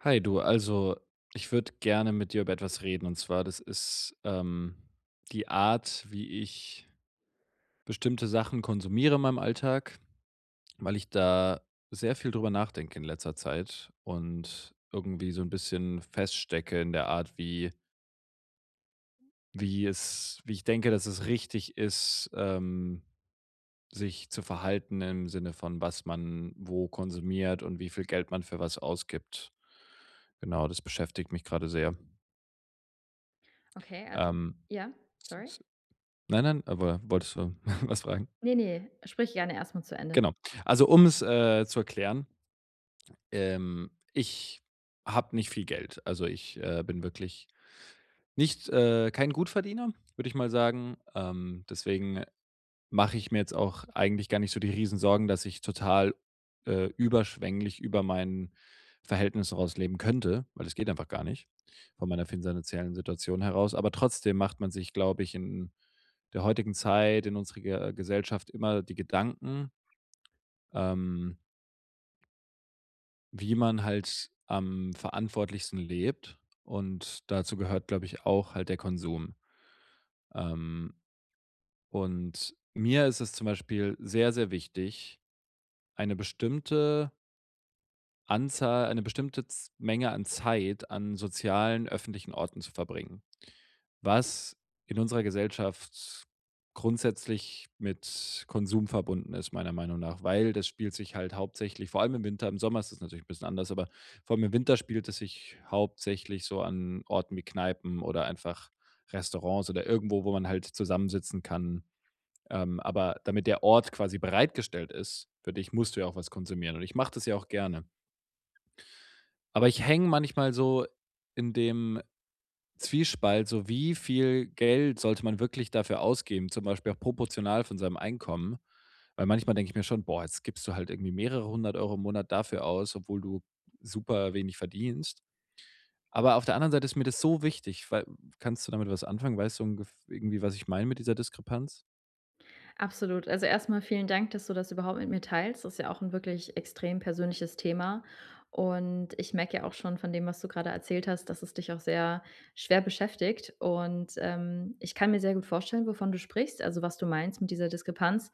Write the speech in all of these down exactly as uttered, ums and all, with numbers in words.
Hi, du, also, ich würde gerne mit dir über etwas reden. Und zwar, das ist, ähm, die Art, wie ich bestimmte Sachen konsumiere in meinem Alltag, weil ich da sehr viel drüber nachdenke in letzter Zeit und irgendwie so 'n bisschen feststecke in der Art, wie wie es wie ich denke, dass es richtig ist, ähm, sich zu verhalten im Sinne von was man wo konsumiert und wie viel Geld man für was ausgibt. Genau, das beschäftigt mich grade sehr. Okay, also Ähm ja, sorry. [unintelligible] Nein, nein, aber wolltest du was fragen? Ne, ne, sprich gerne erst mal zu Ende. Genau. Also, um es, äh, zu erklären ähm, ich habe nicht viel Geld. Also, ich, ähm, bin wirklich nicht, äh kein Gutverdiener, würde ich mal sagen. Ähm, deswegen mache ich mir jetzt auch eigentlich gar nicht so die Riesensorgen, dass ich total, äh, überschwänglich über mein Verhältnis raus leben könnte, weil das geht einfach gar nicht von meiner finzanziellen Situation heraus. Aber trotzdem macht man sich, glaube ich, in der heutigen Zeit, in unserer Ge Gesellschaft immer die Gedanken ähm wie man halt am verantwortlichsten lebt und dazu gehört, glaube ich, auch halt der Konsum. Ähm, und mir ist es zum Beispiel sehr, sehr wichtig, eine bestimmte Anzahl, eine bestimmte Z Menge an Zeit an sozialen öffentlichen Orten zu verbringen, was in unserer Gesellschaft grundsätzlich mit Konsum verbunden ist, meiner Meinung nach. Weil das spielt sich halt hauptsächlich vor allem im Winter, im Sommer ist das natürlich 'n bisschen anders, aber vor allem im Winter spielt es sich hauptsächlich so an Orten wie Kneipen oder einfach Restaurants oder irgendwo, wo man halt zusammensitzen kann. Ähm, aber damit der Ort quasi bereitgestellt ist für dich, musst du ja auch was konsumieren und ich mache das ja auch gerne. Aber ich hänge manchmal so in dem Zwiespalt, so: wie viel Geld sollte man wirklich dafür ausgeben, zum Beispiel auch proportional von seinem Einkommen. Weil manchmal denke ich mir schon: „Boah, jetzt gibst du halt irgendwie mehrere hundert Euro im Monat dafür aus, obwohl du superwenig verdienst.“ Aber auf der anderen Seite ist mir das so wichtig, weil Kannst du damit was anfangen? Weißt du ungef irgendwie, was ich meine mit dieser Diskrepanz? Absolut, also, erst mal vielen Dank, dass du das überhaupt mit mir teilst, das ist ja auch 'n wirklich extrem persönliches Thema, und ich merke ja auch schon von dem, was du grade erzählt hast, dass es dich auch sehr schwer beschäftigt, und, ähm, ich kann mir sehr gut vorstellen, wovon du sprichst, also, was du meinst mit dieser Diskrepanz.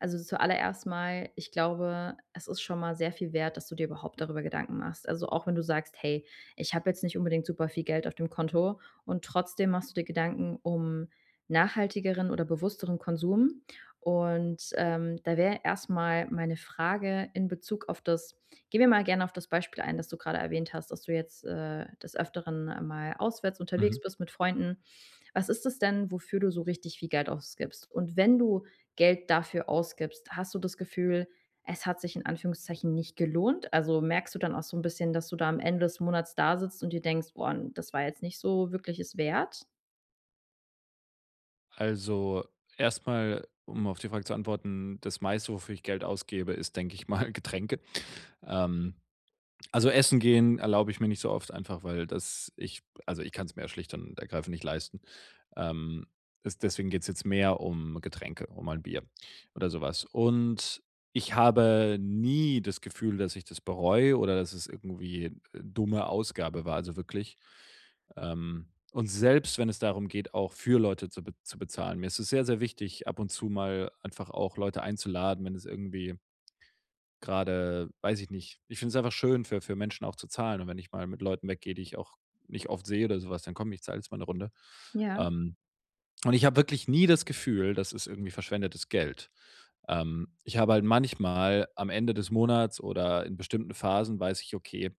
Also, zuallererst mal, ich glaube, es ist schon mal sehr viel wert, dass du dir überhaupt darüber Gedanken machst. Also auch wenn du sagst: „Hey, ich habe jetzt nicht unbedingt super viel Geld auf dem Konto“, und trotzdem machst du dir Gedanken um nachhaltigeren oder bewussteren Konsum. Und, ähm, da wäre erst mal meine Frage in Bezug auf das gehen wir mal gerne auf das Beispiel ein, das du grade erwähnt hast, dass du jetzt, äh, des Öfteren mal auswärts unterwegs Mhm. bist mit Freunden. Was ist das denn, wofür du so richtig viel Geld ausgibst? Und wenn du Geld dafür ausgibst, hast du das Gefühl, es hat sich in Anführungszeichen nicht gelohnt? Also, merkst du dann auch so 'n bisschen, dass du da am Ende des Monats dasitzt und dir denkst: „Boah, das war jetzt nicht so wirklich es wert?“ Also, erst mal, um auf die Frage zu antworten, das Meiste, wofür ich Geld ausgebe, ist, denke ich mal, Getränke, ähm, also, Essen gehen erlaube ich mir nicht so oft, einfach, weil das ich also, ich kann's mir ja schlicht und ergreifend nicht leisten. Ähm, es deswegen geht's jetzt mehr um Getränke, um mal 'n Bier oder so was. Und ich habe nie das Gefühl, dass ich das bereue oder dass es irgendwie, äh, dumme Ausgabe war, also, wirklich. Ähm, und selbst, wenn es darum geht, auch für Leute zu be zu bezahlen. Mir ist es sehr, sehr wichtig, ab und zu mal einfach auch Leute einzuladen, wenn es irgendwie grade weiß ich nicht, ich find's einfach schön für für Menschen auch zu zahlen, und wenn ich mal mit Leuten weggehe, die ich auch nicht oft sehe oder so was, dann: „Komm ich, zahle jetzt mal 'ne Runde.“ Ja. Ähm, und ich habe wirklich nie das Gefühl, das ist irgendwie verschwendetes Geld. Ähm, ich habe halt manchmal am Ende des Monats oder in bestimmten Phasen weiß ich: „Okay“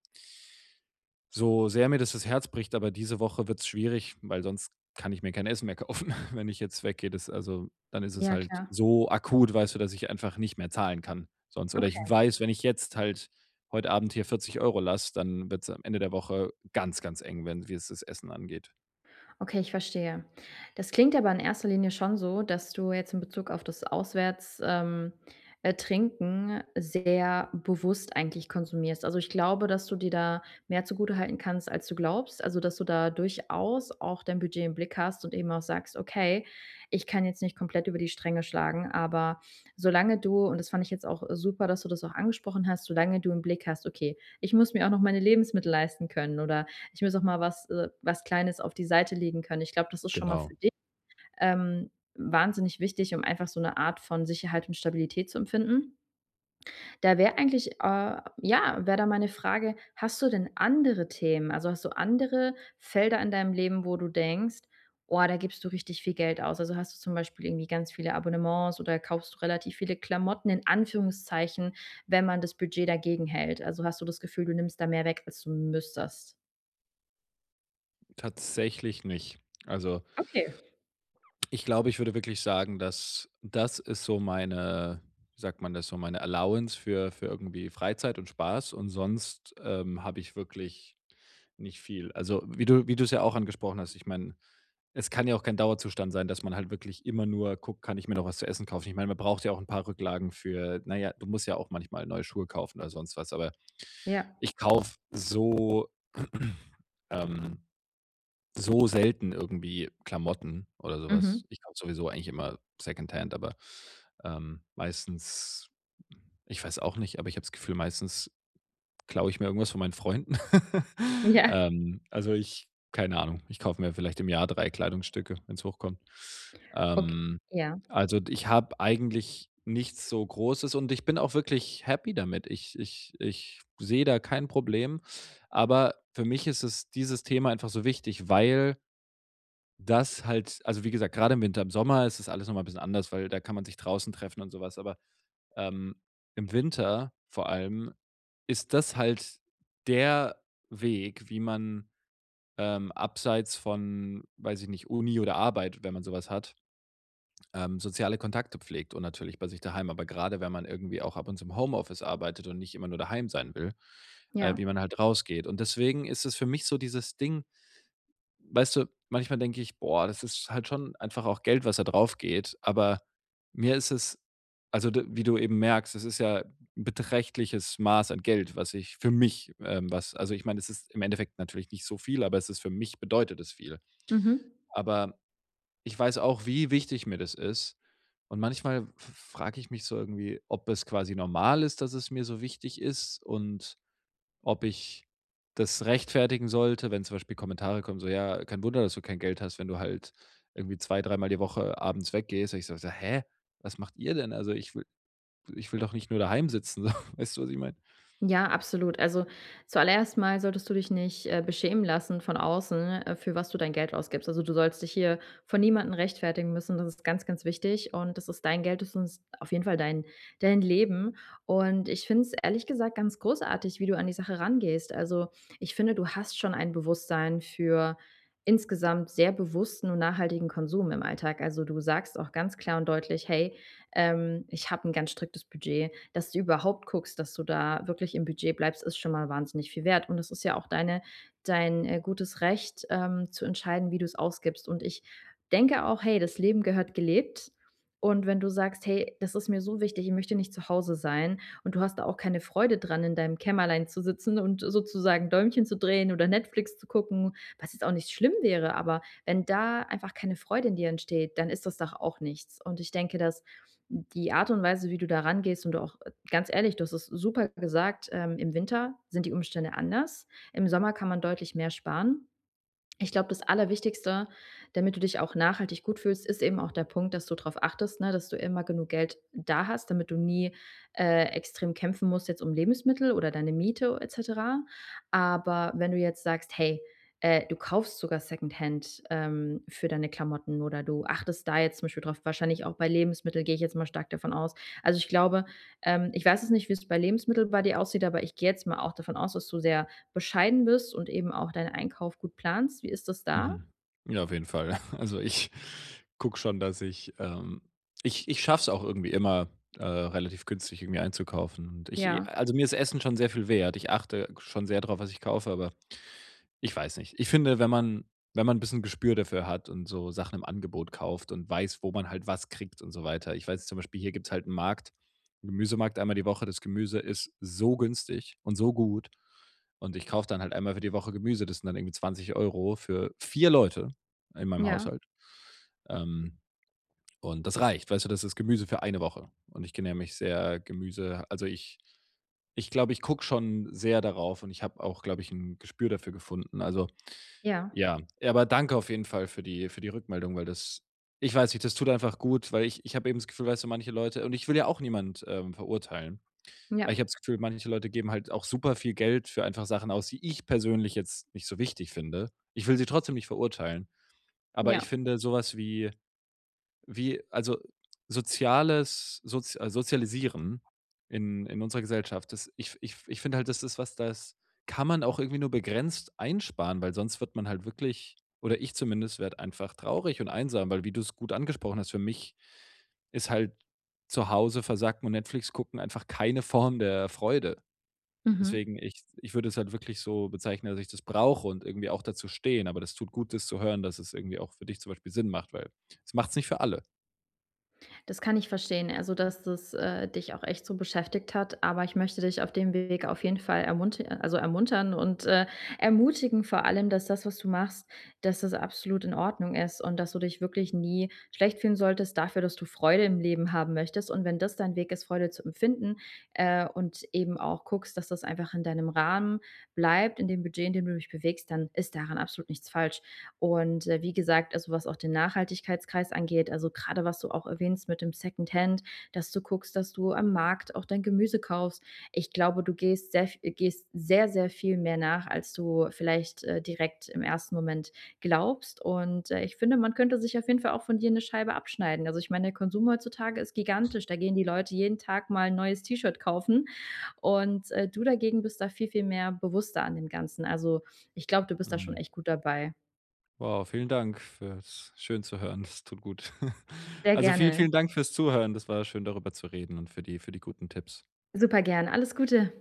„so sehr mir das das Herz bricht, aber diese Woche wird's schwierig, weil sonst kann ich mir kein Essen mehr kaufen, wenn ich jetzt weggehe.“ Das also, dann ist es Ja, halt klar. so akut, weißt du, dass ich einfach nicht mehr zahlen kann sonst. Oder ich Okay. weiß, wenn ich jetzt halt heute Abend hier vierzig Euro lasse, dann wird's am Ende der Woche ganz, ganz eng werden, wie es das Essen angeht. Okay, ich verstehe. Das klingt aber in erster Linie schon so, dass du jetzt im Bezug auf das Auswärts ähm, äh, Trinken sehr bewusst eigentlich konsumierst. Also, ich glaube, dass du dir da mehr zugutehalten kannst als du glaubst, also, dass du da durchaus auch dein Budget im Blick hast und eben auch sagst: „Okay, ich kann jetzt nicht komplett über die Stränge schlagen“, aber solange du- und das fand ich jetzt auch super, dass du das auch angesprochen hast- solange du im Blick hast: „Okay, ich muss mir auch noch meine Lebensmittel leisten können oder ich muss auch mal was äh, was Kleines auf die Seite legen können.“ Ich glaube, das ist schon mal Genau. für dich, ähm, wahnsinnig wichtig, um einfach so 'ne Art von Sicherheit und Stabilität zu empfinden. Da wäre eigentlich äh, ja, wäre da meine Frage, hast du denn andere Themen? Also, hast du andere Felder in deinem Leben, wo du denkst, oah, da gibst du richtig viel Geld aus? Also, hast du zum Beispiel irgendwie ganz viele Abonnements oder kaufst du relativ viele Klamotten in Anführungszeichen, wenn man das Budget dagegenhält? Also, hast du das Gefühl, du nimmst da mehr weg, als du müsstest? Tatsächlich nicht. Also Okay. ich glaube, ich würde wirklich sagen, dass das ist so meine, wie sagt man das so: „Meine Allowance", für für irgendwie Freizeit und Spaß und sonst, ähm, habe ich wirklich nicht viel. Also wie du wie du's ja auch angesprochen hast, ich meine, es kann ja auch kein Dauerzustand sein, dass man halt wirklich immer nur guckt: „Kann ich mir noch was zu essen kaufen?“ Ich meine, man braucht ja auch 'n paar Rücklagen für na, ja, du musst ja auch manchmal neue Schuhe kaufen oder sonst was, aber Ja. ich kaufe so ähm, so selten irgendwie Klamotten oder so Mhm. was. Ich kaufe sowieso eigentlich immer secondhand, aber, ähm, meistens ich weiß auch nicht, aber ich hab's Gefühl, meistens klaue ich mir irgendwas von meinen Freunden. Ja. Ähm, also ich keine Ahnung, ich kaufe mir vielleicht im Jahr drei Kleidungsstücke, wenn's hochkommt. Okay, Ähm, ja. also ich habe eigentlich nichts so großes und ich bin auch wirklich happy damit. Ich ich ich sehe da kein Problem, aber für mich ist es dieses Thema einfach so wichtig, weil das halt also wie gesagt, grade im Winter, im Sommer ist das alles noch mal 'n bisschen anderes, weil da kann man sich draußen treffen und so was, aber, ähm, im Winter vor allem ist das halt der Weg, wie man, ähm, abseits von, weiß ich nicht, Uni oder Arbeit, wenn man so was hat ähm, soziale Kontakte pflegt und natürlich bei sich daheim. Aber gerade wenn man irgendwie auch ab und zu im Homeoffice arbeitet und nicht immer nur daheim sein will, äh, Ja. wie man halt rausgeht. Und deswegen ist es für mich so dieses Ding, weißt du, manchmal denke ich: „Boah, das ist halt schon einfach auch Geld, was da draufgeht.“ Aber mir ist es, also d wie du eben merkst, das ist ja beträchtliches Maß an Geld, was ich für mich, ähm was also, ich meine, das ist im Endeffekt natürlich nicht so viel, aber es ist für mich bedeutet es viel. Mhm. Aber ich weiß auch, wie wichtig mir das ist. Und manchmal f frage ich mich so irgendwie, ob es quasi normal ist, dass es mir so wichtig ist und ob ich das rechtfertigen sollte, wenn zum Beispiel Kommentare kommen so: „Ja, kein Wunder, dass du kein Geld hast, wenn du halt irgendwie zwei, dreimal die Woche abends weggehst“, und ich so so: „Hä? Was macht ihr denn?“ Also, ich will ich will doch nicht nur daheim sitzen so. Weißt du, was ich meine? Ja, absolut. Also, zuallererst mal solltest du dich nicht, äh, beschämen lassen von außen, äh, für was du dein Geld ausgibst. Also du sollst dich hier vor niemanden rechtfertigen müssen. Das ist ganz, ganz wichtig und das ist dein Geld, das ist auf jeden Fall dein dein Leben. Und ich finde es ehrlich gesagt ganz großartig, wie du an die Sache rangehst. Also, ich finde, du hast schon ein Bewusstsein für insgesamt sehr bewussten und nachhaltigen Konsum im Alltag. Also du sagst auch ganz klar und deutlich: „Hey, ähm, ich habe 'n ganz striktes Budget.“ Dass du überhaupt guckst, dass du da wirklich im Budget bleibst, ist schon mal wahnsinnig viel wert und es ist ja auch deine dein, äh, gutes Recht, ähm, zu entscheiden, wie du's ausgibst und ich denke auch: „Hey, das Leben gehört gelebt.“ Und wenn du sagst: „Hey, das ist mir so wichtig, ich möchte nicht zu Hause sein“, und du hast da auch keine Freude dran, in deinem Kämmerlein zu sitzen und sozusagen Däumchen zu drehen oder Netflix zu gucken, was jetzt auch nicht schlimm wäre. Aber wenn da einfach keine Freude in dir entsteht, dann ist das doch auch nichts. Und ich denke, dass die Art und Weise, wie du da rangehst und du auch ganz ehrlich, du hast es super gesagt, ähm, im Winter sind die Umstände anders. Im Sommer kann man deutlich mehr sparen. Ich glaube, das Allerwichtigste, damit du dich auch nachhaltig gut fühlst, ist eben auch der Punkt, dass du drauf achtest, ne? Dass du immer genug Geld da hast, damit du nie, äh, extrem kämpfen musst jetzt um Lebensmittel oder deine Miete et cetera, aber wenn du jetzt sagst, hey, äh, du kaufst sogar secondhand, ähm, für deine Klamotten oder du achtest da jetzt zum Beispiel drauf wahrscheinlich auch bei Lebensmittel gehe ich jetzt mal stark davon aus. Also ich glaube, ähm, ich weiß es nicht, wie's bei Lebensmittel bei dir aussieht, aber ich gehe jetzt mal auch davon aus, dass du sehr bescheiden bist und eben auch deinen Einkauf gut planst. Wie ist das da? Mhm. Ja, auf jeden Fall. Also ich gucke schon, dass ich ähm, ich ich schaffe es auch irgendwie immer, äh, relativ günstig irgendwie einzukaufen und ich Ja. also, mir ist Essen schon sehr viel wert. Ich achte schon sehr drauf, was ich kaufe, aber ich weiß nicht. Ich finde, wenn man wenn man bisschen Gespür dafür hat und so Sachen im Angebot kauft und weiß, wo man halt was kriegt und so weiter. Ich weiß jetzt zum Beispiel, hier gibt's halt 'n Markt 'n Gemüsemarkt einmal die Woche. Das Gemüse ist so günstig und so gut und ich kaufe dann halt einmal für die Woche Gemüse. Das sind dann irgendwie zwanzig Euro für vier Leute in meinem Ja. Haushalt. Ähm, und das reicht, weißt du? Das ist Gemüse für eine Woche und ich genähr mich sehr Gemüse also ich ich glaube, ich gucke schon sehr darauf und ich habe auch, glaube ich, 'n Gespür dafür gefunden. Also, Ja. ja, ja, aber danke auf jeden Fall für die für die Rückmeldung, weil das ich weiß nicht, das tut einfach gut, weil ich ich habe eben das Gefühl, weißt du, manche Leute und ich will ja auch niemand, ähm, verurteilen. Ja. Aber ich habe das Gefühl, manche Leute geben halt auch super viel Geld für einfach Sachen aus, die ich persönlich jetzt nicht so wichtig finde. Ich will sie trotzdem nicht verurteilen, aber ich Ja. finde so was wie wie, also, soziales soz äh, sozialisieren in in unserer Gesellschaft, das ich ich ich finde halt, das ist was, das kann man auch irgendwie nur begrenzt einsparen, weil sonst wird man halt wirklich oder ich zumindest werde einfach traurig und einsam, weil wie du's gut angesprochen hast, für mich ist halt zu Hause versacken und Netflix gucken einfach keine Form der Freude. Mhm. Deswegen, ich ich würde es halt wirklich so bezeichnen, dass ich das brauche und irgendwie auch dazu stehen. Aber das tut gut, das zu hören, dass es irgendwie auch für dich zum Beispiel Sinn macht, weil das macht's nicht für alle. Das kann ich verstehen, also, dass das, äh, dich auch echt so beschäftigt hat. Aber ich möchte dich auf dem Weg auf jeden Fall ermunti also, ermuntern und, äh, ermutigen, vor allem, dass das, was du machst, dass das absolut in Ordnung ist und dass du dich wirklich nie schlecht fühlen solltest dafür, dass du Freude im Leben haben möchtest. Und wenn das dein Weg ist, Freude zu empfinden, äh, und eben auch guckst, dass das einfach in deinem Rahmen bleibt, in dem Budget, in dem du dich bewegst, dann ist daran absolut nichts falsch. Und, ja, wie gesagt, also, was auch den Nachhaltigkeitsreis angeht, also, grade was du auch erwähnst mit dem Secondhand, dass du guckst, dass du am Markt auch dein Gemüse kaufst. Ich glaube, du gehst sehr v gehst sehr, sehr viel mehr nach, als du vielleicht, äh, direkt im ersten Moment glaubst. Und, äh, ich finde, man könnte sich auf jeden Fall auch von dir 'ne Scheibe abschneiden. Also, ich meine, der Konsum heutzutage ist gigantisch, da gehen die Leute jeden Tag mal 'n neues T-Shirt kaufen. Und, äh, du dagegen bist da viel, viel mehr bewusster an dem Ganzen. Also, ich glaube, du bist da schon Hm. echt gut dabei. Wow, vielen Dank fürs schön zu hören, das tut gut. Sehr Also, vielen, gerne. vielen Dank fürs Zuhören. Das war schön, darüber zu reden und für die für die guten Tipps. Supergern, alles Gute.